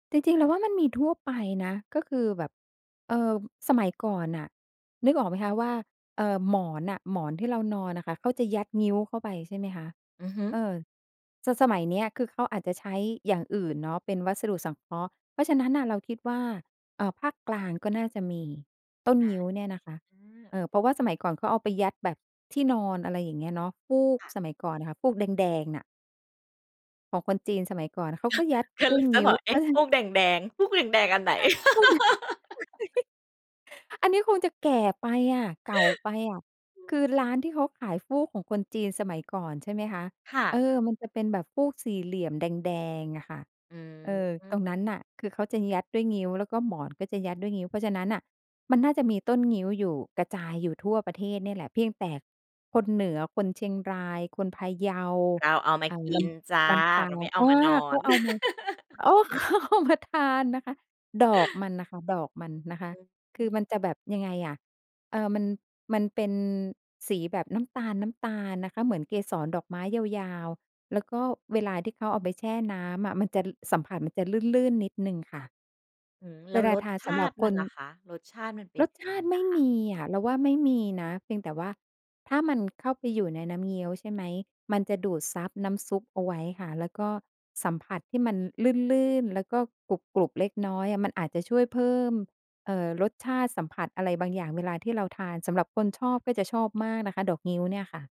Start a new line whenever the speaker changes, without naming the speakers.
จริง ๆ เราว่ามันมีทั่วไปนะ ก็คือแบบ เอ่อ สมัยก่อนน่ะ นึกออกไหมคะว่า เอ่อ หมอนน่ะ หมอนที่เรานอนอะค่ะ เขาจะยัดงิ้วเข้าไป ใช่ไหมคะ
อือฮึ
เออ ส สมัยเนี้ย คือเขาอาจจะใช้อย่างอื่นเนาะ เป็นวัสดุสังเคราะห์ เพราะฉะนั้นน่ะ เราคิดว่า เอ่อ ภาคกลางก็น่าจะมี ต้น
อา
งิ้วเนี่ยนะคะ
อือ
เอ่อ เพราะว่าสมัยก่อนเขาเอาไปยัดแบบที่นอน อะไรอย่างเงี้ยเนาะ ฟูก
ค่ะ
สมัยก่อนน่ะค่ะ ฟูกแดง ๆ น่ะ ของคนจีนสมัยก่อนอะ เขาก็ยัด อ
ก
ด้
ำล
ว
ั
ย
งจ
ง
ะ
ิ
บ
้ว
อก เอ๊ะ! ฟูกแดง ๆ ฟูกแดง ๆ อันไหน?
ฟู่แดง อันนี้คงจะแก่ไปอะ เก่าไปอะ คือร้านที่เขาขายฟูกของคนจีนสมัยก่อน ใช่ไหมคะ
ค่
เอ
ะ
อ มันจะเป็นแบบฟูกสี่เหลี่ยมแดง ๆ อะค่ะ
อื
เออ ตรง
ม
นั้นน่ะ คือเขาจะยัดด้วยงิ้ว แล้วก็หมอนก็จะยัดด้วยงิ้ว เพราะฉะนั้นน่ะมันน่าจะมีต้นงิ้วอยู่ กระจายอยู่ทั่วประเทศเนี่ยแหละ เพียงแต่คนเหนือ คนเชียงราย คนพะเยา
เราเอามา
อ่า
กิ
ล
นจ้ะ
ำ ลำปา
เรา
ง
ไม่เอา
อา
มานอ
เขา
น
เอามา อ๋อ เขามาทาน นะคะ ดอกมันน่ะค่ะ ดอกมันนะคะ
อือฮ
คือ
ึ
มันจะแบบ ยังไงอะ เอ่อ มัน มันเป็นสีแบบน้ำตาล ๆ นะคะ เหมือนเกสรดอกไม้ยาว ๆ แล้วก็เวลาที่เขาเอาไปแช่น้ำอะ มันจะ ล สัมผัสมันจะลื่น ๆ นิดหนึ่งค่ะ
อืม แล
เว
้ว
ลา
ร
ท
ส
า
ช
ส
า
ำหรั
ต
บ
ิม
ค
ัน
น
ล่ะคะ รสชาติมันเป็
ร
น
ส
ย
ช
ัง
า
ไง
ติไม
อ
่
ะค
ม
ะ?
ีอะ เราว่าไม่มีนะ เพียงแต่ว่า ถ้ามันเข้าไปอยู่ในน้ำเงี้ยว ใช่ไหม มันจะดูดซับน้ำซุปเอาไว้ค่ะ แล้วก็สัมผัสที่มันลื่น ๆ แล้วก็กรุบ ๆ เล็กน้อยอะ มันอาจจะช่วยเพิ่ม เอ่อ รสชาติ สัมผัสอะไรบางอย่าง เวลาที่เราทาน สำหรับคนชอบก็จะชอบมากนะคะ ดอกงิ้วเนี่ยค่ะ